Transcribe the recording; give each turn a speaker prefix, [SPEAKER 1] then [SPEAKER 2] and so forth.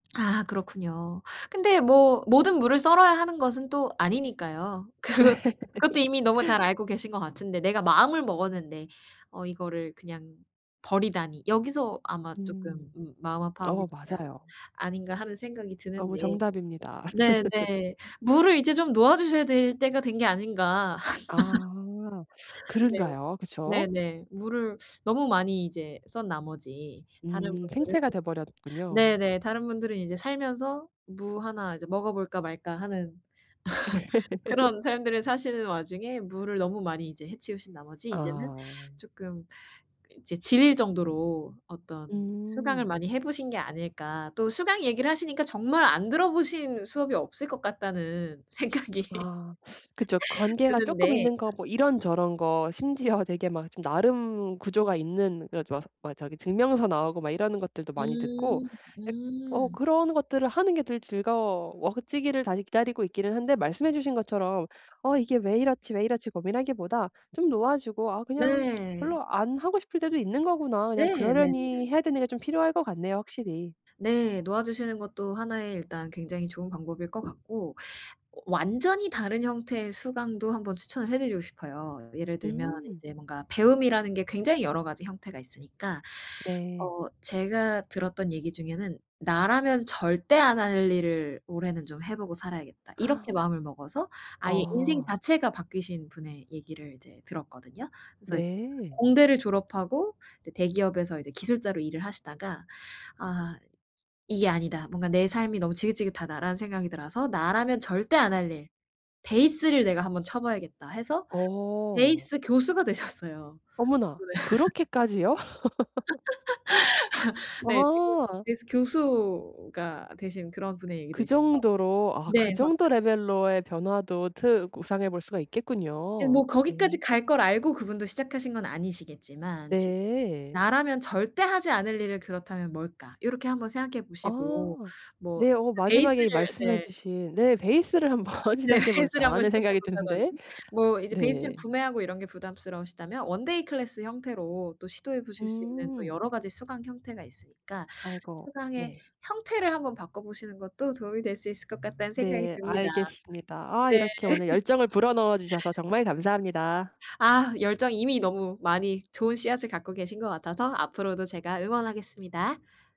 [SPEAKER 1] 아 그렇군요. 근데 뭐 모든 무를 썰어야 하는 것은 또 아니니까요. 그것 그것도 이미 너무 잘 알고 계신 것 같은데 '내가 마음을 먹었는데 어 이거를 그냥 버리다니.' 여기서 아마
[SPEAKER 2] 음.
[SPEAKER 1] 쪼끔 음 마음 아파하고
[SPEAKER 2] 어
[SPEAKER 1] [unintelligible]
[SPEAKER 2] 맞아요.
[SPEAKER 1] 아닌가 하는 생각이
[SPEAKER 2] 너무
[SPEAKER 1] 드는데
[SPEAKER 2] 정답입니다.
[SPEAKER 1] 네네. 무를 이제 좀 놓아주셔야 될 때가 된 게 아닌가.
[SPEAKER 2] 아.
[SPEAKER 1] 네.
[SPEAKER 2] 그른가요? 그쵸?
[SPEAKER 1] 네네. 무를 너무 많이 이제 썬 나머지 다른
[SPEAKER 2] 음.
[SPEAKER 1] 분들은
[SPEAKER 2] 생채가 돼버렸군요.
[SPEAKER 1] 네네. 다른 분들은 이제 살면서 '무 하나 이제 먹어볼까 말까.' 하는 그런 삶들을 사시는 와중에 무를 너무 많이 이제 해치우신 나머지 이제는
[SPEAKER 2] 아.
[SPEAKER 1] 쪼끔 이제 질릴 정도로 어떤 수강을
[SPEAKER 2] 음.
[SPEAKER 1] 많이 해보신 게 아닐까. 또 수강 얘기를 하시니까 정말 안 들어보신 수업이 없을 것 같다는 생각이
[SPEAKER 2] 아 그쵸. 관계가 쪼끔
[SPEAKER 1] 드는데
[SPEAKER 2] 있는 거 뭐 이런 저런 거 심지어 되게 막 나름 구조가 있는 그래서 막 막 저기 증명서 나오고 막 이러는 것들도 많이 듣고
[SPEAKER 1] 음.
[SPEAKER 2] 약 어
[SPEAKER 1] 음.
[SPEAKER 2] 그런 것들을 하는 게 더 즐거워지기를 다시 기다리고 있기는 한데 말씀해 주신 것처럼 '어 이게 왜 이렇지, 왜 이렇지.' 고민하기보다 좀 놓아주고 '아 그냥
[SPEAKER 1] 네.
[SPEAKER 2] 별로 안 하고 싶을 때도 있는 거구나.' 그냥
[SPEAKER 1] 네. 네네네.
[SPEAKER 2] 그러려니 해야 되는 게 좀 필요할 것 같네요 확실히.
[SPEAKER 1] 네. 놓아주시는 것도 하나의 일단 굉장히 좋은 방법일 것 같고완전히 다른 형태의 수강도 한번 추천을 해 드리고 싶어요. 예를 들면
[SPEAKER 2] 음.
[SPEAKER 1] 이제 뭔가 배움이라는 게 굉장히 여러 가지 형태가 있으니까
[SPEAKER 2] 네.
[SPEAKER 1] 어 제가 들었던 얘기 중에는 '나라면 절대 안 할 일을 올해는 좀 해보고 살아야겠다.' 이렇게 마음을 먹어서 아예 인생
[SPEAKER 2] 아.
[SPEAKER 1] 자체가 바뀌신 분의 얘기를 이제 들었거든요. 그래서 이제
[SPEAKER 2] 네.
[SPEAKER 1] 공대를 졸업하고 이제 대기업에서 이제 기술자로 일을 하시다가 '아 이게 아니다. 뭔가 내 삶이 너무 지긋지긋하다.'라는 생각이 들어서 '나라면 절대 안 할 일 베이스를 내가 한번 쳐봐야겠다.' 해서
[SPEAKER 2] 어.
[SPEAKER 1] 베이스 교수가 되셨어요. [unintelligible]
[SPEAKER 2] 어머나 그렇게까지요?
[SPEAKER 1] 네. 지금
[SPEAKER 2] 와.
[SPEAKER 1] 베이스 교수가 되신 그런 분의 얘기도
[SPEAKER 2] 그
[SPEAKER 1] 있어서
[SPEAKER 2] 정도로. 아
[SPEAKER 1] 네
[SPEAKER 2] 그
[SPEAKER 1] 그래서
[SPEAKER 2] 정도 레벨로의 변화도 트 구상해 볼 수가
[SPEAKER 1] 예
[SPEAKER 2] 있겠군요.
[SPEAKER 1] 뭐 거기까지
[SPEAKER 2] 네.
[SPEAKER 1] 갈 걸 알고 그분도 시작하신 건 아니시겠지만 지금
[SPEAKER 2] 네.
[SPEAKER 1] '나라면 절대 하지 않을 일을 그렇다면 뭘까.' 요렇게 1 번 생각해 보시고
[SPEAKER 2] 아.
[SPEAKER 1] 뭐
[SPEAKER 2] 네 어 마지막에
[SPEAKER 1] 베이스를
[SPEAKER 2] 말씀해
[SPEAKER 1] 네.
[SPEAKER 2] 주신 네 '베이스를 한번
[SPEAKER 1] 네.
[SPEAKER 2] 시작해
[SPEAKER 1] 베이스를
[SPEAKER 2] 볼까.'
[SPEAKER 1] 한번
[SPEAKER 2] 하는
[SPEAKER 1] 시작해
[SPEAKER 2] 생각이 드는데.
[SPEAKER 1] 본다든지 뭐 이제 베이스를
[SPEAKER 2] 네.
[SPEAKER 1] 구매하고 이런 게 부담스러우시다면 원데이 클래스 형태로 또 시도해 보실 수 있는 또
[SPEAKER 2] 음.
[SPEAKER 1] 여러 가지 수강 형태가 있으니까
[SPEAKER 2] 아이고.
[SPEAKER 1] 수강의
[SPEAKER 2] 네.
[SPEAKER 1] 형태를 한번 바꿔보시는 것도 도움이 될 수 있을 것 같다는 생각이
[SPEAKER 2] 네.
[SPEAKER 1] 듭니다.
[SPEAKER 2] 알겠습니다. 아
[SPEAKER 1] 네.
[SPEAKER 2] 이렇게 오늘 열정을 불어넣어 주셔서 정말 감사합니다.
[SPEAKER 1] 아 열정이 이미 너무 많이 좋은 씨앗을 갖고 계신 것 같아서 앞으로도 제가 응원하겠습니다.